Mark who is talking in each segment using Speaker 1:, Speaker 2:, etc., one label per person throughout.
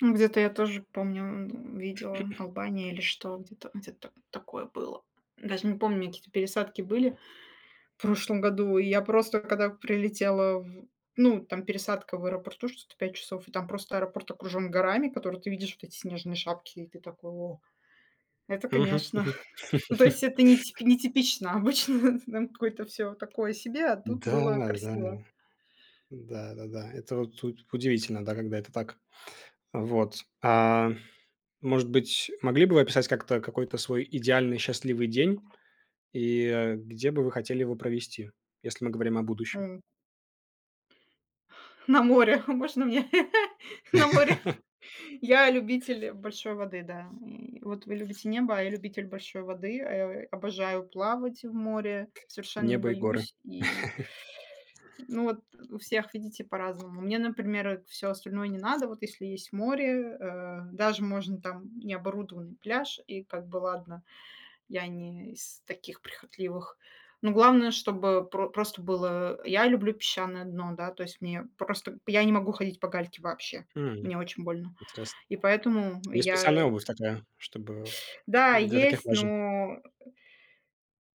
Speaker 1: Ну, где-то я тоже помню, м, видела Албания или что где-то где-то такое было. Даже не помню, какие-то пересадки были в прошлом году. И я просто когда прилетела, в ну там пересадка в аэропорту что-то 5 часов, и там просто аэропорт окружен горами, которые ты видишь, вот эти снежные шапки. И ты такой: "О!" Это,
Speaker 2: Мгм
Speaker 1: конечно.
Speaker 2: мгм.
Speaker 1: Ну, то есть это нети нетипично. Обычно там какое-то всё такое себе, а тут было
Speaker 2: Н-да, да.
Speaker 1: красиво.
Speaker 2: Да да да. Это вот у удивительно, да, когда это так. Вот. А, может быть, могли бы вы описать как-то какой-то свой идеальный счастливый день? И, э, где бы вы хотели его провести? Если мы говорим о будущем.
Speaker 1: М. На море. Можно мне на море? Я любитель большой воды, да. М, вот вы любите небо, а я любитель большой воды. Э, э, обожаю плавать в море. Совершенно не
Speaker 2: Небо и горы.
Speaker 1: боюсь и Ну, вот у всех, видите, по-разному. Мне, например, э, всё остальное не надо. Вот если есть море, э, даже можно, там, необорудованный пляж и как бы ладно, я не из таких прихотливых, но главное, чтобы про просто было Я люблю песчаное дно, да? То есть мне просто б я не могу ходить по гальке вообще,
Speaker 2: Хм,
Speaker 1: мне очень больно,
Speaker 2: интересно.
Speaker 1: и поэтому
Speaker 2: Есть специальная
Speaker 1: я
Speaker 2: обувь такая, чтобы
Speaker 1: Да,
Speaker 2: для таких
Speaker 1: есть,
Speaker 2: важен.
Speaker 1: но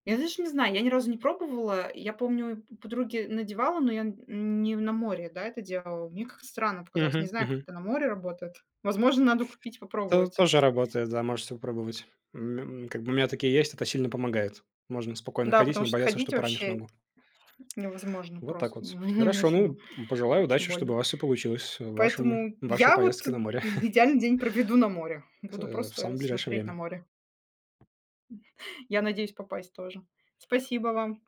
Speaker 1: Я, даже не знаю, я ни разу не пробовала. Я помню, подруге надевала, но я н не на море, да, это делала. Мне как-то странно показалось. Не
Speaker 2: Мгм
Speaker 1: знаю, как
Speaker 2: мгм.
Speaker 1: это на море работает. Возможно, надо купить,
Speaker 2: То
Speaker 1: попробовать.
Speaker 2: тоже работает, да, можете попробовать. М, м, как бы у меня такие есть, это сильно помогает. Можно спокойно
Speaker 1: Да,
Speaker 2: ходить и
Speaker 1: потому
Speaker 2: не
Speaker 1: что
Speaker 2: бояться, что
Speaker 1: ходить
Speaker 2: поранишь
Speaker 1: вообще
Speaker 2: ногу.
Speaker 1: невозможно,
Speaker 2: Вот так
Speaker 1: просто
Speaker 2: вот.
Speaker 1: невы
Speaker 2: Хорошо.
Speaker 1: невыносимо,
Speaker 2: Ну, пожелаю
Speaker 1: очень
Speaker 2: удачи, чтобы у
Speaker 1: больно.
Speaker 2: вас всё получилось в вашем
Speaker 1: Поэтому
Speaker 2: в вашей
Speaker 1: я, вот,
Speaker 2: поездке на море.
Speaker 1: т идеальный день проведу на море,
Speaker 2: В, с
Speaker 1: буду
Speaker 2: э, в
Speaker 1: просто
Speaker 2: самое ближайшее
Speaker 1: смотреть на
Speaker 2: время.
Speaker 1: море. Я надеюсь попасть тоже. Спасибо вам.